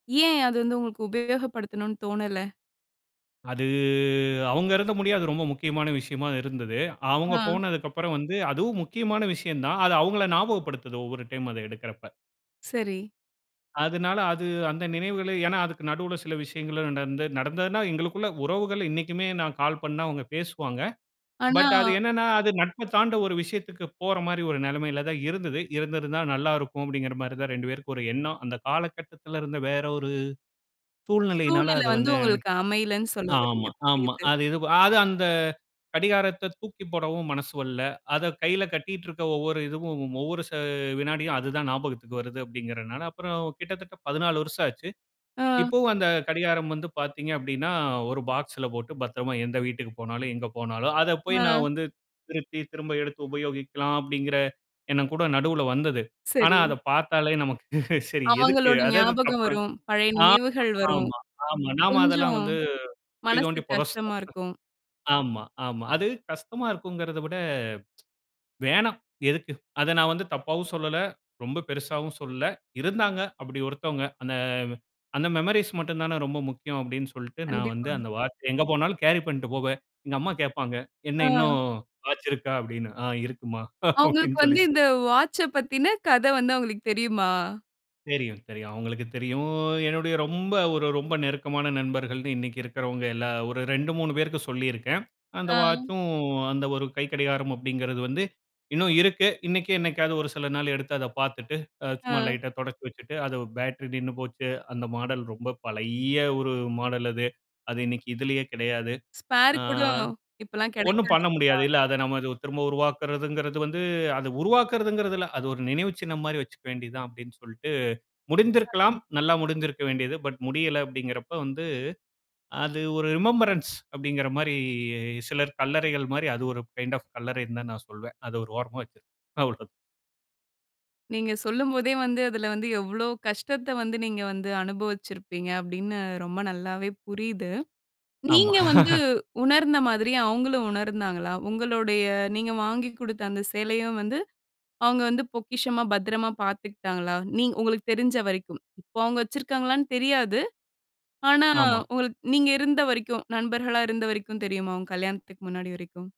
ஏன் அது வந்து உங்களுக்கு உபயோகப்படுத்தணும்ன்னு தோணல? அது அவுங்க இருந்த முடிய, அது ரொம்ப முக்கியமான விஷயமா இருந்தது. ஆ, அவுங்க போனதுக்கப்புறம் வந்து அதுவும் முக்கியமான விஷயந்தான். அது அவுங்கள ஞாபகப்படுத்துது, ஒவ்வொரு டைம் அத எடுக்கறப்ப. சரி. அதுனால அது அந்த நினைவுகளே ஏன்னா, அதுக்கு நடுவுல சில விஷயங்களும் நடந்து நடந்ததுன்னா எங்களுக்குள்ள உறவுகள் இன்னைக்குமே நான் கால் பண்ணா அவுங்க பேசுவாங்க. ஆனா பட் அது என்னான்னா, அது நட்ப தாண்ட ஒரு விஷயத்துக்கு போற மாரி ஒரு நெலமையில தான் இருந்தது. "இருந்திருந்தா நல்லா இருக்கும்!" அப்படிங்கிற மாரி தான் 2 பேருக்கும் ஒரு எண்ணம். அந்த காலகட்டத்துல இருந்த வேற ஒரு சூழ்நிலையினால சூழ்நிலை அத வந்து வந்து உங்களுக்கு அமையலன்னு சொல்ல வர்றீங்க! ஆமா ஆமா. புரியுது. அது இது வ அது அந்த கடிகாரத்த தூக்கி போடவும் மனசு வரல. அத கையில கட்டிட்டு இருக்க, ஒவ்வொரு இதுவும் ஒவ்வொரு ச வினாடியும் அதுதான் ஞாபகத்துக்கு வருது, அப்படிங்கறனால, அப்புறம் கிட்டத்தட்ட 14 வருஷம் ஆச்சு. ஆ. இப்பவும் அந்த கடிகாரம் வந்து பாத்தீங்க அப்டின்னா, ஒரு பாக்ஸ்ல போட்டு, பத்திரமா, எந்த வீட்டுக்கு போனாலும், எங்க போனாலும் அத போய் ஆ. நான் வந்து திருத்தி, திரும்ப எடுத்து உபயோகிக்கலாம் அப்படிங்கிற எண்ணம் கூட நடுவுல வந்தது. ஆனா சரி. அத பாத்தாலே நமக்கு சரி எதுக்கு? அவங்களோட அது அது ஞாபகம் தப்பு வரும். பழைய ஆமா, நினைவுகள் வரும். ஆமா-ஆமா. நாம அதெல்லாம் கொஞ்சம். வந்து குழி மனசு தோண்டி புதைச்டோம் கஷ்டமா இருக்கும். ஆமா ஆமா. அது கஷ்டமா இருக்குங்கிறத விட வேணாம். எதுக்கு? அத நான் வந்து தப்பாவும் சொல்லல! ரொம்ப பெருசாவும் சொல்லல! இருந்தாங்க அப்படி ஒருத்தவங்க. அந்த வ் அந்த மெமொரிஸ் மட்டுந்தானே ரொம்ப முக்கியம் அப்டின்னு சொல்ட்டு, நான் வந்து கண்டிப்பாங்க. அந்த வாட்ச எங்க போனாலும் கேரி பண்ணீட்டு போவேன். எங்க அம்மா கேட்பாங்க, ஆ, "என்னா இன்னும் வாச்சு இருக்கா?" அபடின்னு. "ஆ இருக்கும்மா!" அவுங்களுக்கு அப்டின்னு வந்து சொல்லி சொ இந்த வாச்ச பத்தின கத வந்து அவுங்களுக்கு தெரியுமா? தெரியும் தெரியும். அவுங்களுக்கு தெரியும். என்னுடைய ரொம்ப ஒரு ரொம்ப நெருக்கமான நண்பர்கள்னு இன்னைக்கு இருக்கிறவங்க எல்லா ஒரு 2, 3 பேருக்கு சொல்லியிருக்கேன். அந்த ஆ. வாச்சும் அந்த ஒரு கைக்கடிகாரம் அப்படிங்கிறது வந்து இன்னும் இருக்கு. இன்னைக்கும் என்ன்னைக்காவது ஒரு சில நாள் எடுத்து அத பாத்துட்டு, அ சும்மா ஆ. லைட்டா தொ தொடச்சு வச்சுட்டு அத பேட்டரி நின்னு போச்சு. அந்த மாடல் ரொம்ப பழைய ஒரு மாடல் அது. அது இன்னைக்கு இதுலயே கெடையாது. ஸ்பேர் ஆ கூட, இப்பலாம் ஒண்ணும் கெடைக்காது பண்ண முடியாது. இல்லயா? இல்ல. அத நம்ம இது திரும்ப உருவாக்குறதுங்கிறது வந்து அத உருவாக்குறதுங்கதல்ல! அது ஒரு நினைவு சின்னம் மாரி வச்சுக்க வேண்டியதுதான் அப்டின்னு சொல்ட்டு முடிந்திருக்கலாம்! [unintelligible] நல்லா முடிந்திருக்க வேண்டியது! பட் முடியல! அப்படிங்கிறப்ப வந்து அது ஒரு ரிமம்பரன்ஸ் அப்படிங்கிற மாரி சிலர் கல்லறைகள் மாரி அது ஒரு கைண்ட் ஆஃப் கல்லறைன்னு தான் நான் சொல்வன். அது ஒரு ஓரமா வச்சிருக்கன். அவ்ளோ தான். நீங்க சொல்லும்போதே வந்து அதுல வந்து எவ்ளோ கஷ்டத்த வந்து நீங்க வந்து அனுபவிச்சிருப்பீங்க, அப்டின்னு ரொம்ப நல்லாவே புரியுது. ஆமா. நீங்க வந்து உணர்ந்த மாதிரி அவுங்களும் உணர்ந்தாங்களா? உங்களுடைய நீங்க வாங்கி குடுத்த அந்த சேலையும் வந்து அவுங்க வந்து பொக்கிஷமா, பத்திரமா பாத்துக்கிட்டாங்களா? நீங்க உங்களுக்கு தெரிஞ்ச வரைக்கும்? இப்போ அவுங்க வச்சிருக்காங்களான்னு தெரியாது! ஆனா, ஆமா. உங்களுக் நீங்க இருந்த வரைக்கும், நண்பர்களா இருந்த வரைக்கும் தெரியுமா? அவுங்க கல்யாணத்துக்கு முன்னாடி வரைக்கும்?